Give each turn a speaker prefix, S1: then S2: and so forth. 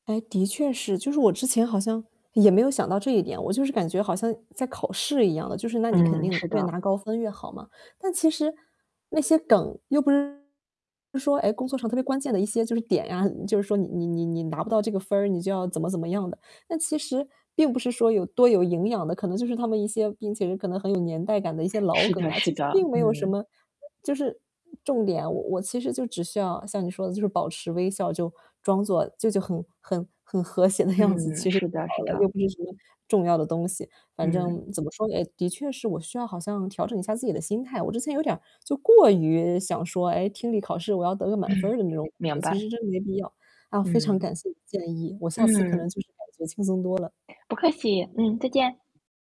S1: 哎，的确是，就是我之前好像也没有想到这一点，我就是感觉好像在考试一样的，就是那你肯
S2: 嗯，
S1: 定
S2: 是
S1: 越
S2: 的。
S1: 拿高分越好嘛，但其实那些梗又不是说，哎，工作上特别关键的一些就是点啊，就是说你你你你拿不到这个分儿，你就要怎么怎么样的。那其实并不是说有多有营养的，可能就是他们一些并且是可能很有年代感的一些老
S2: 是
S1: 梗
S2: 的
S1: 啊，
S2: 是
S1: 其实
S2: 的，
S1: 并没有什么，
S2: 嗯。
S1: 呃，就是重点啊。我我其实就只需要像你说的就是保持微笑，就装作就就很很很和谐的样子，
S2: 嗯，
S1: 其实就
S2: 是的是
S1: 好了，又
S2: 的。
S1: 不是什么重要的东西。反
S2: 嗯。
S1: 正怎么说呢，哎，的确是我需要好像调整一下自己的心态。我之前有点就过于想说，哎，听力考试我要得个满分
S2: 嗯，
S1: 儿的那种，我觉
S2: 明
S1: 得其
S2: 白。
S1: 实真的没必要。啊，非常
S2: 嗯。
S1: 感谢你的建议，我下次可能
S2: 嗯。
S1: 就是感觉轻松多了。
S2: 不客气，嗯，再见。